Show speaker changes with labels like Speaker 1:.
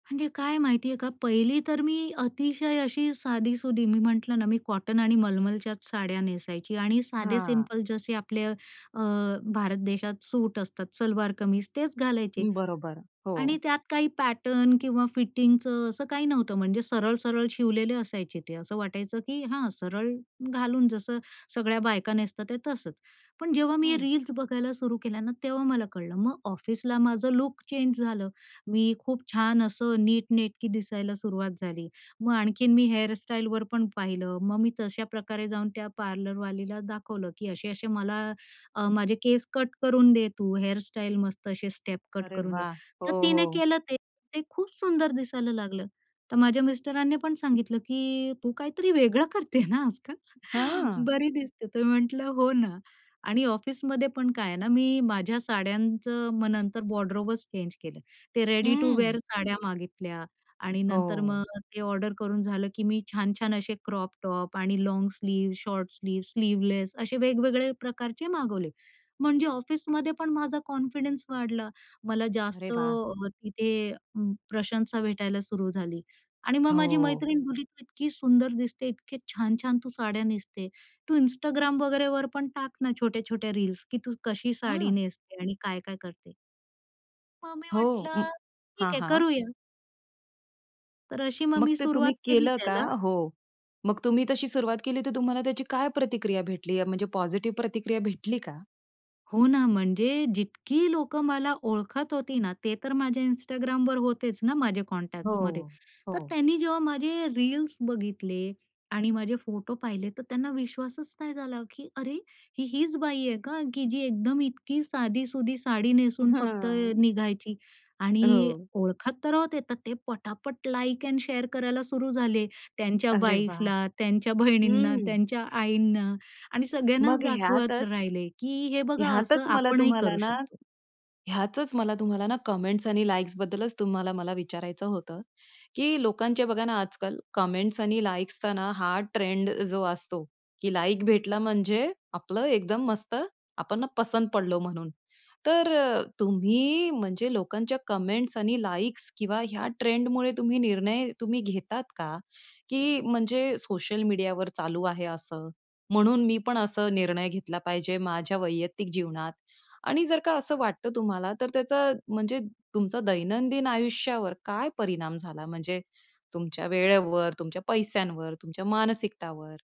Speaker 1: म्हणजे काय माहितीये का पहिली तर मी अतिशय अशी साधी-सुधी. मी म्हंटलं ना मी कॉटन आणि मलमलच्याच साड्या नेसायची आणि साधे
Speaker 2: हां.
Speaker 1: सिंपल जसे आपले अ भारत देशात सूट असतात, सलवार कमीज तेच घालायचे
Speaker 2: बरोबर,
Speaker 1: आणि
Speaker 2: हो.
Speaker 1: त्यात काही पॅटर्न किंवा फिटिंगचं असं काही नव्हतं. म्हणजे सरळ सरळ शिवलेले असायचे ते असं वाटायचं की हा सरळ घालून जसं सगळ्या बायका नेसतात ते तसंच. पण जेव्हा मी हे
Speaker 2: हं.
Speaker 1: रील्स बघायला सुरू केल्या ना तेव्हा मला कळलं, मग ऑफिसला माझं लूक चेंज झालं मी खूप छान असं नीटनेटकी दिसायला सुरुवात झाली मग आणखीन मी हेअरस्टाइलवर पण पाहिलं मग मी तश्या प्रकारे जाऊन त्या पार्लरवालीला दाखवलं की असे-असे मला अ माझे केस कट करून दे तू हेअरस्टाइल मस्त असे स्टेप कट
Speaker 2: अरे
Speaker 1: करून दे.
Speaker 2: वाह! हो
Speaker 1: तर तिने
Speaker 2: हो.
Speaker 1: केलं ते. ते खूप सुंदर दिसायला लागलं. तर माझ्या मिस्टरांनी पण सांगितलं की "तू काहीतरी वेगळं करते ना आजकाल,
Speaker 2: हां.
Speaker 1: बरी दिसते." तर मी म्हंटलं हो ना आणि ऑफिसमध्ये पण काय आहे ना मी माझ्या साड्यांचं मग नंतर वॉर्डरोबच चेंज केलं. ते रेडी टू
Speaker 2: हं.
Speaker 1: विअर साड्या मागितल्या आणि नंतर मग
Speaker 2: हो.
Speaker 1: ते ऑर्डर करून झालं, की मी छान-छान असे क्रॉप-टॉप आणि long sleeve, short sleeve, sleeveless असे वेगवेगळे प्रकारचे मागवले. म्हणजे ऑफिसमध्ये पण माझा कॉन्फिडन्स वाढला. मला
Speaker 2: अरे
Speaker 1: जास्त
Speaker 2: वाह!
Speaker 1: तिथे प्रशंसा भेटायला सुरू झाली आणि मग माझी
Speaker 2: हो.
Speaker 1: मैत्रीण बोलली तू इतकी सुंदर दिसते, इतके छान-छान तू साड्या नेसते, तू Instagram वगैरेवर पण टाक ना छोट्या-छोट्या रील्स की तू कशी साडी
Speaker 2: हां.
Speaker 1: नेसते आणि काय-काय करते. मग मी
Speaker 2: हो. उं
Speaker 1: म्हंटलं
Speaker 2: हां,
Speaker 1: ठीक आहे
Speaker 2: हां.
Speaker 1: करूया. तर अशी मग
Speaker 2: मग
Speaker 1: मी
Speaker 2: ते तुम्ही
Speaker 1: सुरुवात केली
Speaker 2: केलं का?
Speaker 1: त्याला.
Speaker 2: हो. मग तुम्ही तशी सुरुवात केली तर तुम्हाला त्याची काय प्रतिक्रिया भेटली या म्हणजे पॉझिटिव्ह प्रतिक्रिया भेटली का?
Speaker 1: हो ना म्हणजे जितकी लोकं मला ओळखत होती ना, ते तर माझ्या Instagramवर होतेच ना माझे कॉन्टॅक्ट्समध्ये.
Speaker 2: हो.
Speaker 1: तर
Speaker 2: हो.
Speaker 1: त्यांनी जेव्हा माझे रील्स बघितले आणि माझे फोटो पाहिले तर त्यांना विश्वासच नाही झाला, की अरे ही हीच बाई आहे का, की जी एकदम इतकी साधी-सुधी साडी
Speaker 2: अ,
Speaker 1: नेसून फक्त
Speaker 2: हां.
Speaker 1: निघायची? आणि
Speaker 2: हो.
Speaker 1: ओळखत तर राहत येतात ते पटापट लाइक एंड शेअर करायला सुरू झाले. त्यांच्या
Speaker 2: अरे वाह!
Speaker 1: वाईफला, त्यांच्या बहिणींना,
Speaker 2: हं.
Speaker 1: त्यांच्या आईंना आणि सगळ्यांनाच
Speaker 2: मग
Speaker 1: दाखवत
Speaker 2: ह्यातच,
Speaker 1: राहिले, की हे बघा
Speaker 2: ह्यातच
Speaker 1: असं
Speaker 2: मला
Speaker 1: आपणही
Speaker 2: तुम्हाला
Speaker 1: करू
Speaker 2: ना,
Speaker 1: शकतो.
Speaker 2: ह्यातच मला तुम्हाला ना कमेंट्स आणि लाइक्स बद्दलच तुम्हाला विचारायचं होतं, की लोकांचे बघा ना आजकाल कमेंट्स आणि लाइक्सचा ना हा ट्रेंड जो असतो, की लाइक भेटला म्हणजे आपलं एकदम मस्त, आपण ना पसंत पडलो म्हणून. तर अ, तुम्ही म्हणजे लोकांच्या कमेंट्स आणि लाइक्स किंवा ह्या ट्रेंडमुळे, तुम्ही निर्णय तुम्ही घेतात का? की म्हणजे सोशल मीडियावर चालू आहे असं म्हणून मी पण असं निर्णय घेतला पाहिजे माझ्या वैयक्तिक जीवनात आणि जर का असं वाटतं तुम्हाला तर त्याचा म्हणजे तुमचा दैनंदिन आयुष्यावर काय परिणाम झाला, म्हणजे तुमच्या वेळेवर, तुमच्या पैश्यांवर, तुमच्या मानसिकतावर?